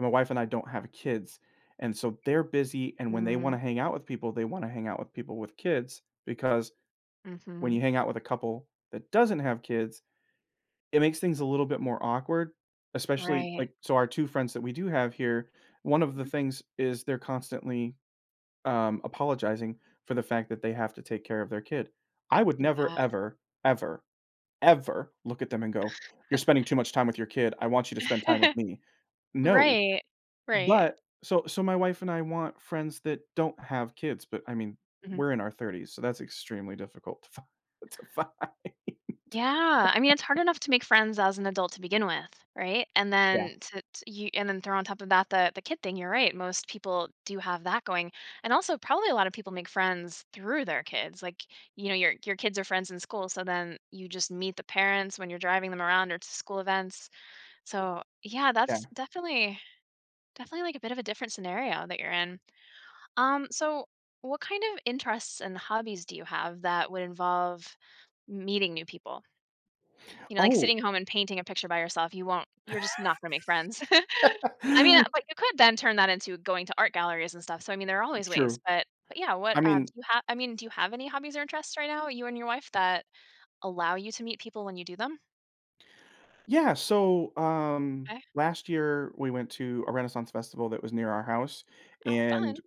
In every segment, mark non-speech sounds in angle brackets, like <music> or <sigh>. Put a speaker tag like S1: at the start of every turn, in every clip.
S1: My wife and I don't have kids, and so they're busy, and when they wanna
S2: Mm.
S1: hang out with people, they wanna hang out with people with kids because when
S2: Mhm.
S1: you hang out with a couple that doesn't have kids, it makes things a little bit more awkward, especially,
S2: Right.
S1: like so, our 2 friends that we do have here, one of the
S2: Mhm.
S1: things is they're constantly, um, apologizing for the fact that they have to take care of their kid. I would never,
S2: Yeah.
S1: ever, ever, ever look at them and go, "You're
S2: <laughs>
S1: spending too much time with your kid, I want you to spend time with
S2: <laughs>
S1: me." No.
S2: Right, right.
S1: But so so, my wife and I want friends that don't have kids, but, I mean,
S2: Mhm.
S1: we're in our 30s, so that's extremely difficult to fi to find.
S2: Yeah, I mean, it's hard
S1: <laughs>
S2: enough to make friends as an adult to begin with, right, and
S1: Yeah.
S2: then to t you and then throw on top of that the the kid thing, you're right. Most people do have that going and also, probably a lot of people make friends through their kids, like, you know, your your kids are friends in school, so, then you just meet the parents when you're driving them around or to school events. So, yeah, that's
S1: Yeah.
S2: definitely definitely, like, a bit of a different scenario that you're in, um, so what kind of interests and hobbies do you have that would involve meeting new people? You know, like
S1: Oh
S2: sitting home and painting a picture by yourself, you won't you're just not gonna make friends.
S1: <laughs>
S2: <laughs> I mean, but, you could then turn that into going to art galleries and stuff, so, I mean, there are
S1: T
S2: always ways,
S1: true,
S2: but but, yeah, what
S1: I
S2: um, do
S1: mean
S2: you have I mean, do you have any hobbies or interests right now, you and your wife, that allow you to meet people when you do them?
S1: Yeah, so, um,
S2: 'Kay.
S1: last year, we went to a Renaissance Festival that was near our house,
S2: Oh, fun.
S1: and,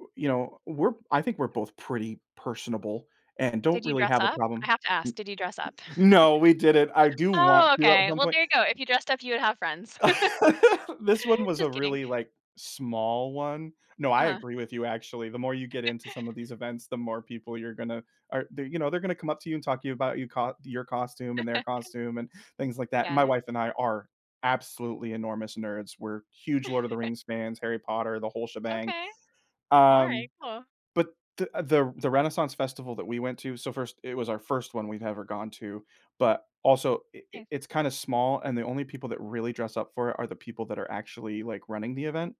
S1: we you know, we're I think we're both pretty personable and don't
S2: Did you
S1: really
S2: dress
S1: have a
S2: up I
S1: problem,
S2: have to ask, did you dress up?
S1: n
S2: <laughs>
S1: n no, we didn't, I do want
S2: Oh,
S1: to at
S2: okay,
S1: some
S2: well,
S1: point.
S2: there you go, if you dressed up, you would have friends. <laughs>
S1: <laughs> This one was a
S2: Just kidding.
S1: really, like, small one no, I
S2: Uh-huh.
S1: agree with you, actually. The more you get
S2: <laughs>
S1: into some of these events, the more people you're gonna or they're, you know, they're gonna come up to you and talk to about you co your costume, and their
S2: <laughs>
S1: costume, and things, like, that. My
S2: Yeah.
S1: wife and I are absolutely enormous nerds. We're huge Lord of the
S2: <chuckles>
S1: Rings fans, Harry Potter, the whole shebang,
S2: Okay,
S1: um,
S2: alright, cool.
S1: but, the the the Renaissance Festival that we went to so, first, it was our first one we've ever gone to, but, also, i i
S2: Nice.
S1: it's kinda small, and the only people that really dress up for it are the people that are actually, like, running the event.